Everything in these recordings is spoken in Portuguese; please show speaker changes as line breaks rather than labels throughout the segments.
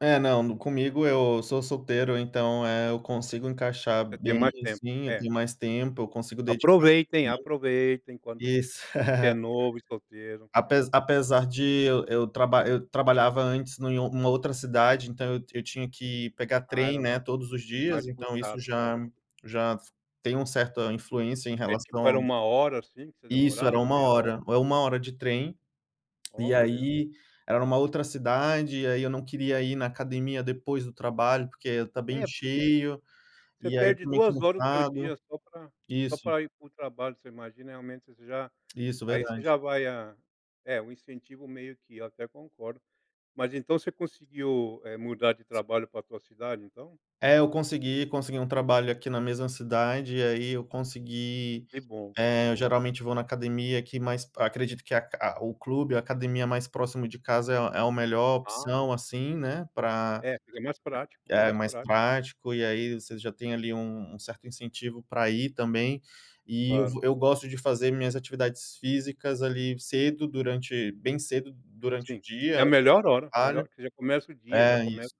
É, não, no comigo eu sou solteiro, então, eh, eu consigo encaixar
Você tem
bem,
mais tempo.
assim, eu
É.
tenho mais tempo, eu consigo dedicar
Aproveitem,
[unintelligible]
aproveitem quando,
isso.
se é novo e solteiro. É.
Apesa apesar de eu eu traba eu trabalhava antes no em uma outra cidade, então eu eu tinha que pegar
Ah
trem,
era
né,
mais
todos os dias,
mais
então, isso
puxado, é
já
mais
já f tem um certa influência em
Eh, tipo, era
relação
1 hora, assim, que você
Isso era
demorava,
1
meia hora?
hora, é 1 hora de trem, e
Olha.
aí era uma outra cidade, e aí eu não queria ir na academia depois do trabalho, porque ia estar bem
É, porque
cheio,
você
e aí
perde
"tô meio
2 horas do teu
cansado".
dia só pra só
Isso.
pra ir para o trabalho, você imagina realmente você já
Isso,
aí você
verdade.
já vai a é, o incentivo meio que, eu até concordo, mas então você conseguiu, eh, mudar de
S
trabalho pra tua cidade, então?
É, eu consegui consegui um trabalho aqui na mesma cidade, e aí eu consegui,
Que bom, que
eh, eu
bom.
geralmente vou na academia aqui, mas p acredito que a aca o clube, a academia mais próximo de casa é a é o melhor
Ah.
opção, assim, né, pra
É, fica mais prático,
é
mais
mais
prá
prático, e aí você já tem ali um um certo incentivo pra ir também, e eu
Claro.
vou eu gosto de fazer minhas atividades físicas ali cedo durante bem cedo durante o
Sim,
dia,
é a melhor hora, melhor,
[unintelligible]
que você já começa o dia, já
é,
começa
isso,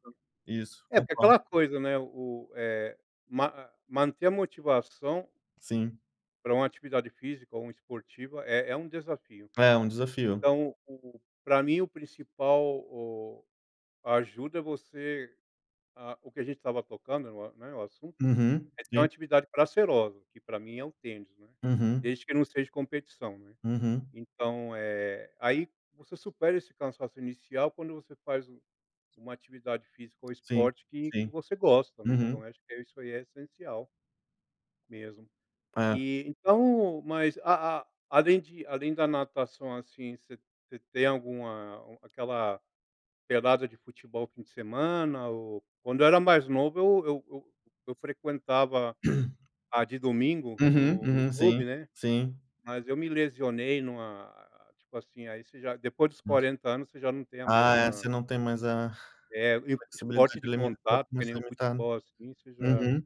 isso,
é, porque
concordo.
aquela coisa, né o o, eh, ma a manter a motivação
Sim.
pra uma atividade física ou uma esportiva é é um desafio.
É, um desafio.
Então o pra mim o principal, o a ajuda você ah, o que a gente estava tocando no a né, o assunto,
Uhum,
é ter uma
sim.
atividade prazerosa, que pra mim é o tênis, né,
Uhum.
desde que não seja competição, né.
Uhum.
Então, eh, aí você supera esse cansaço inicial quando você faz u uma atividade física ou
Sim,
esporte que que
sim.
você gosta, também, então
Uhum.
eu acho que isso aí é essencial mesmo.
É.
E então mas, a a além de além da natação, assim, você você tem alguma, hum, aquela pelada de futebol fim de semana ou quando eu era mais novo eu eu eu eu frequentava a de domingo
Uhum,
no no
uhum. Sim,
clube, né,
sim.
mas eu me lesionei numa, tipo assim aí você já depois dos
Nossa.
40 anos você já não tem a
Ah, é,
mesma
não tem mais a
É e
flexibilidade
esporte de
limita um pouco,
contato
fica
que
mais
nem o
limitado.
futebol, assim, você já
Uhum.